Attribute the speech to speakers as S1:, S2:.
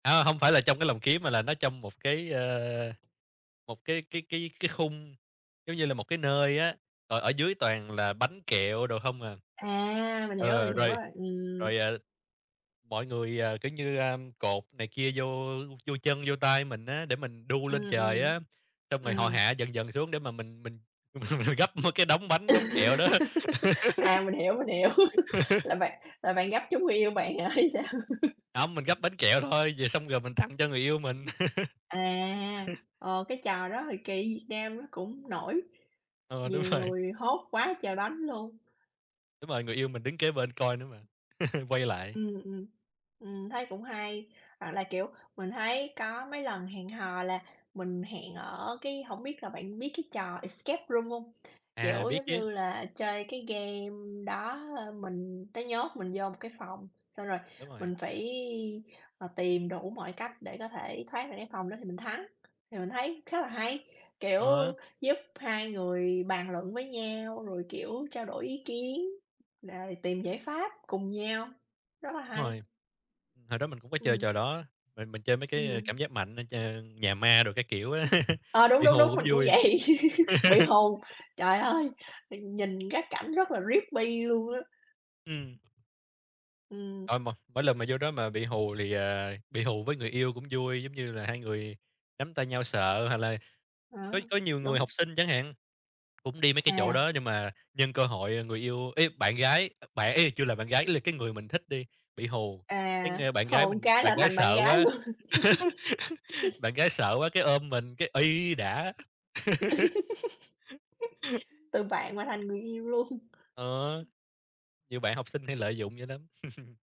S1: À, hông phải là trong cái lồng kiếng mà là nó trong một cái, a, một cái cái cái cái khung giống như là một cái nơi á, rồi ở dưới toàn là bánh kẹo đồ không à.
S2: À! Mình hiểu rồi,
S1: Ờ,
S2: mình hiểu
S1: rồi
S2: rồi. Ừm.
S1: rồi, à, mọi người, ờ, kiểu như, a, cột này kia vô vô chân, vô tay mình á để mình đu lên
S2: Ừm,
S1: trời
S2: ừm.
S1: á. Xong rồi họ
S2: Ừm.
S1: hạ dần dần xuống để mà mình mình mình mình gắp cái đống bánh, đống kẹo đó.
S2: À, mình hiểu, mình hiểu. Là bạn là bạn gắp trúng người yêu bạn hả, hay sao?
S1: Hông, mình gắp bánh kẹo thôi, về xong rồi mình tặng cho người yêu mình.
S2: À! Ờ, cái trò đó hồi kỳ Việt Nam nó cũng nổi,
S1: Ừ, đúng
S2: nhiều
S1: rồi.
S2: người hốt quá trời bánh luôn.
S1: Đúng rồi, người yêu mình đứng kế bên coi nữa mà, quay lại.
S2: Ừm, ừm. Ừm, thấy cũng hay. Hoặc là, kiểu, mình thấy có mấy lần hẹn hò là mình hẹn ở cái hổng biết là bạn biết cái trò Escape Room hông?
S1: À,
S2: Kiểu
S1: biết
S2: giống
S1: chứ.
S2: như là chơi cái game đó, ơ, mình nó nhốt mình vô một cái phòng, xong rồi
S1: Đúng rồi.
S2: mình phải, ờ, tìm đủ mọi cách để có thể thoát được cái phòng đó thì mình thắng. Thì mình thấy khá là hay, kiểu
S1: Ờ.
S2: giúp hai người bàn luận với nhau, rồi kiểu trao đổi ý kiến, rồi tìm giải pháp cùng nhau. Rất là
S1: Đúng
S2: hay.
S1: rồi. Hồi đó mình cũng có chơi
S2: Ừm.
S1: trò đó. Mình mình chơi mấy cái, a,
S2: Ừm.
S1: cảm giác mạnh, ờ, chơi nhà ma đồ các kiểu á,
S2: Ờ, đúng,
S1: bị
S2: đúng,
S1: hù
S2: đúng,
S1: cũng
S2: mình cũng
S1: vui.
S2: vậy, bị hù. Trời ơi! Mình nhìn các cảnh rất là luôn creepy luôn á.
S1: Ừm.
S2: Ừm.
S1: Ờ, mà mỗi lần mà vô đó mà bị hù thì, ờ, bị hù với người yêu cũng vui. Giống như là hai người nắm tay nhau sợ hoặc là có
S2: Ờ,
S1: có nhiều người
S2: đúng.
S1: học sinh chẳng hạn, cũng đi mấy cái chỗ
S2: À.
S1: đó. Nhưng mà nhân cơ hội, ờ, người yêu ý, bạn gái, ơ, bạn ý là chưa là bạn gái ý là cái người mình thích đi, bị hù, cái,
S2: À,
S1: a, bạn gái
S2: hôn một
S1: mình,
S2: cái
S1: bạn
S2: là
S1: gái
S2: thành bạn
S1: sợ
S2: gái
S1: quá
S2: luôn.
S1: bạn gái sợ quá cái ôm mình cái: "Uây đã!"
S2: Từ bạn mà thành người yêu luôn.
S1: Ờ, nhiều bạn học sinh hay lợi dụng vậy lắm.